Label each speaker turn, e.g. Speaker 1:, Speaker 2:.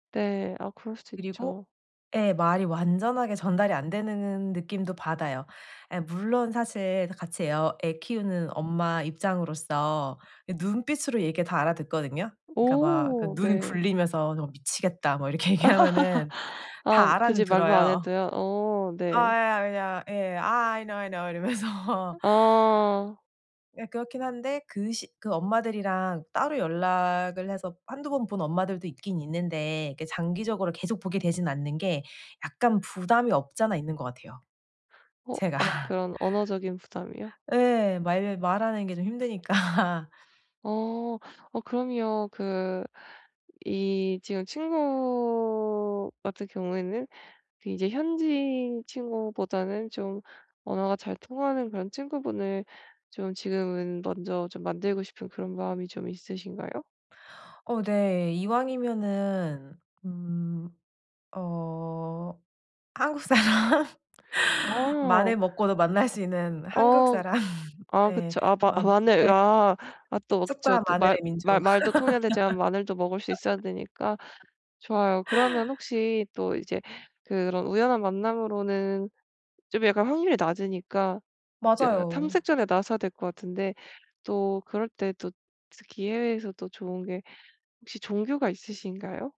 Speaker 1: 네. 아 그럴 수도
Speaker 2: 그리고
Speaker 1: 있죠.
Speaker 2: 예. 말이 완전하게 전달이 안 되느 는 느낌도 받아요. 예 물론 사실 다 같이 애 어 애 키우는 엄마 입장으로서 이 눈빛으로 얘기 다 알아듣거든요? 그러니까 막 그
Speaker 1: 오
Speaker 2: 눈
Speaker 1: 네.
Speaker 2: 굴리면서 "너 미치겠다." 뭐 이렇게 얘기하면은
Speaker 1: 아
Speaker 2: 다 알아는
Speaker 1: 굳이 말로 안
Speaker 2: 들어요.
Speaker 1: 해도요. 오
Speaker 2: 아
Speaker 1: 네.
Speaker 2: 예 아 그냥 예, "아 I know, I know." 이러면서.
Speaker 1: 어.
Speaker 2: 예 그렇긴 한데 그 시 그 엄마들이랑 따로 연락을 해서 한두 번 본 엄마들도 있긴 있는데 그 장기적으로 계속 보게 되진 않는 게 약간 부담이 없지 않아 있는 것 같아요,
Speaker 1: 어
Speaker 2: 제가.
Speaker 1: 아 그런 언어적인 부담이요?
Speaker 2: 예 말을 말하는 게 좀 힘드니까.
Speaker 1: 어. 어 그럼요. 그 이 지금 친구 같은 경우에는 그 이제 현지인 친구보다는 좀 언어가 잘 통하는 그런 친구분을 좀 지금은 먼저 좀 만들고 싶은 그런 마음이 좀 있으신가요?
Speaker 2: 어 네. 이왕이면은 음 어 한국사람.
Speaker 1: 어.
Speaker 2: 마늘 먹고도 만날 수 있는
Speaker 1: 어.
Speaker 2: 한국사람.
Speaker 1: 아
Speaker 2: 네.
Speaker 1: 그쵸. 아 마
Speaker 2: 맘
Speaker 1: 마늘.
Speaker 2: 예
Speaker 1: 아. 아 또 그쵸.
Speaker 2: 쑥과
Speaker 1: 또 말
Speaker 2: 마늘의
Speaker 1: 말
Speaker 2: 민족.
Speaker 1: 말도 통해야 되지만 마늘도 먹을 수 있어야 되니까. 좋아요. 그러면 혹시 또 이제 그런 우연한 만남으로는 좀 약간 확률이 낮으니까 그
Speaker 2: 맞아요.
Speaker 1: 탐색전에 나서야 될 것 같은데 또 그럴 때 또 특히 해외에서 또 좋은 게 혹시 종교가 있으신가요?